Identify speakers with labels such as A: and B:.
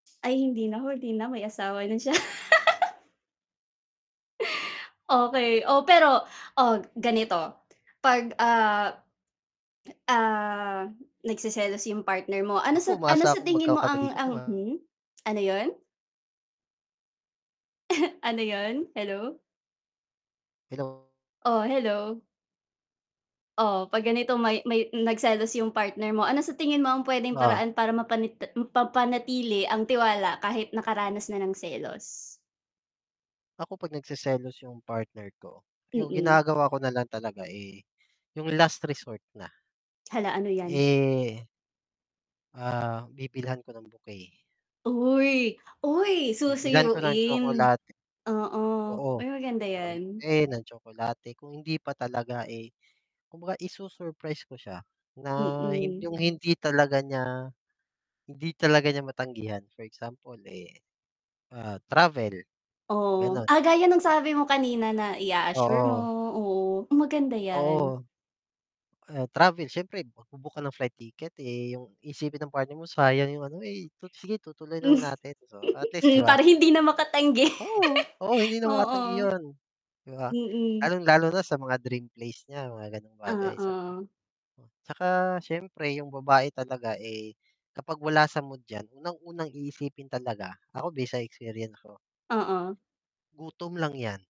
A: Ay, hindi na ho, 'di na, may asawa na siya. Okey, oh, pero, oh, ag ganito, 'pag, ah, ah, nagseselos yung partner mo, ano
B: Ako
A: sa ano
B: umaasa
A: sa
B: akong
A: tingin mo ang
B: magkakabalikan 'to,
A: ang
B: ah.
A: hmm? Ano yun? Ano 'yon? Hello?
B: Hello.
A: Oh, hello. Oh, 'pag ganito may may nagselos yung partner mo, ano sa tingin mo ang pwedeng
B: Oh.
A: paraan para mapanite m mapanatili ang tiwala kahit nakaranas na ng selos?
B: Ako 'pag nagseselos yung partner ko, yung
A: Mm.
B: ginagawa ko na lang talaga, eh, yung last resort na.
A: Hala, ano 'yan?
B: Eh Ah, bibilhan ko ng bouquet.
A: Uy, uy,
B: Bibilhan ko ng
A: susuyuin.
B: tsokolat
A: Oo,
B: Oo,
A: uy, maganda
B: bibilhan ko ng
A: 'yan.
B: bouquet, ng tsokolate, kung hindi pa talaga, eh, kumbaga isu-surprise ko siya na hin
A: Mm.
B: yung hindi talaga niya hindi talaga niya matanggihan; for example, eh, ah, travel,
A: Ohh,
B: ganon.
A: ah, gaya ng sabi mo kanina na ia-assure mo,
B: Oo.
A: oo, maganda yan.
B: Oo. Ah, travel siyempre, magbu-book ka ng flight ticket, eh, yung iisipin ng partner mo, sayang yung ano, eh, tu sige, tutuloy lang natin, so, at least 'di
A: Hmm,
B: ba?
A: para hindi na makatanggi.
B: Oo, oo, hindi na makatanggi
A: Oo.
B: 'yon, 'di ba?
A: Mm.
B: Lalung-lalo na sa mga dream place niya, mga ganong bagay saka,
A: Oo.
B: o saka siyempre yung babae talaga, eh, kapag wala sa mood yan, unang-unang iisipin talaga, ako, base sa experience ko
A: Oo.
B: gutom lang 'yan.